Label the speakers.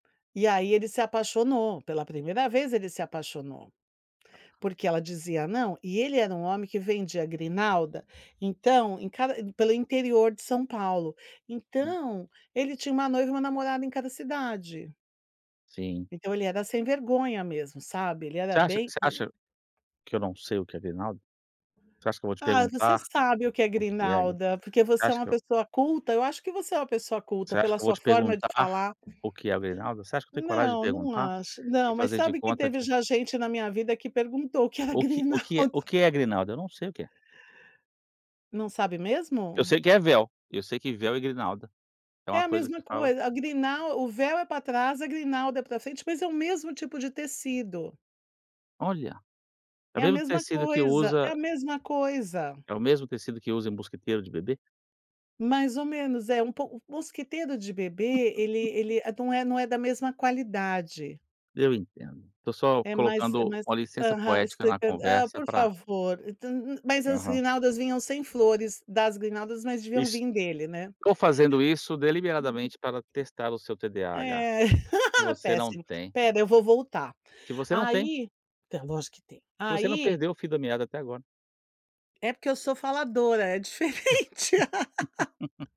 Speaker 1: E aí ele se apaixonou, pela primeira vez, ele se apaixonou. Porque ela dizia Não, e ele era um homem que vendia grinalda, então, em cada pelo interior de São Paulo.
Speaker 2: Hum.
Speaker 1: Então, ele tinha uma noiva e uma namorada em cada cidade.
Speaker 2: Sim.
Speaker 1: Então, ele era sem vergonha mesmo, sabe? Ele
Speaker 2: Você
Speaker 1: era
Speaker 2: acha
Speaker 1: bem
Speaker 2: você acha
Speaker 1: [unintelligible]
Speaker 2: que eu não sei o que é grinalda? Você acha que eu vou te
Speaker 1: Ah, você
Speaker 2: perguntar
Speaker 1: sabe o que é
Speaker 2: o que é? Você
Speaker 1: grinalda, porque você é
Speaker 2: acha
Speaker 1: uma
Speaker 2: que eu
Speaker 1: pessoa culta. Eu acho que você é uma pessoa culta
Speaker 2: Você acha
Speaker 1: pela
Speaker 2: que eu vou
Speaker 1: sua
Speaker 2: te
Speaker 1: forma de
Speaker 2: perguntar
Speaker 1: falar.
Speaker 2: o que é a grinalda? Você acha que tenho coragem de
Speaker 1: Não, não
Speaker 2: perguntar
Speaker 1: acho. Não,
Speaker 2: e
Speaker 1: mas
Speaker 2: fazer de
Speaker 1: sabe que
Speaker 2: conta
Speaker 1: teve
Speaker 2: que
Speaker 1: já gente na minha vida que perguntou o que era
Speaker 2: O que o que é
Speaker 1: grinalda.
Speaker 2: o que é a grinalda? Não sei o que é.
Speaker 1: Não sabe
Speaker 2: Eu
Speaker 1: mesmo?
Speaker 2: sei o que é véu. Eu sei que véu e grinalda é
Speaker 1: É
Speaker 2: uma
Speaker 1: a
Speaker 2: coisa
Speaker 1: mesma
Speaker 2: que fala
Speaker 1: coisa. A grinal o véu é pra trás, grinalda é pra frente, mas é o mesmo tipo de tecido.
Speaker 2: Olha! É
Speaker 1: É a
Speaker 2: mesmo
Speaker 1: mesma
Speaker 2: tecido que
Speaker 1: coisa, é
Speaker 2: usa
Speaker 1: a mesma coisa.
Speaker 2: É o mesmo tecido que usa em mosquiteiro de bebê?
Speaker 1: Mais ou menos. É pou o mosquiteiro de bebê, ele ele é não é não é da mesma qualidade.
Speaker 2: Eu entendo. Tô só
Speaker 1: É mais é
Speaker 2: colocando
Speaker 1: mais
Speaker 2: uma licença
Speaker 1: Aham,
Speaker 2: poética na
Speaker 1: explicando Hã,
Speaker 2: conversa
Speaker 1: por
Speaker 2: pra
Speaker 1: favor, tu nu nu mas as
Speaker 2: Aham.
Speaker 1: grinaldas vinham sem flores. Das grinaldas, mas deviam
Speaker 2: Es
Speaker 1: vir dele, né?
Speaker 2: tô fazendo isso
Speaker 1: Uhum.
Speaker 2: deliberadamente para testar o seu TDAH,
Speaker 1: É.
Speaker 2: que você não
Speaker 1: Péssimo.
Speaker 2: tem.
Speaker 1: Espera, eu vou voltar.
Speaker 2: Que você não tem.
Speaker 1: Aí Então é lógico que tem.
Speaker 2: Que você não
Speaker 1: Aí
Speaker 2: perdeu o fio da meada até agora.
Speaker 1: É porque eu sou faladora, é diferente.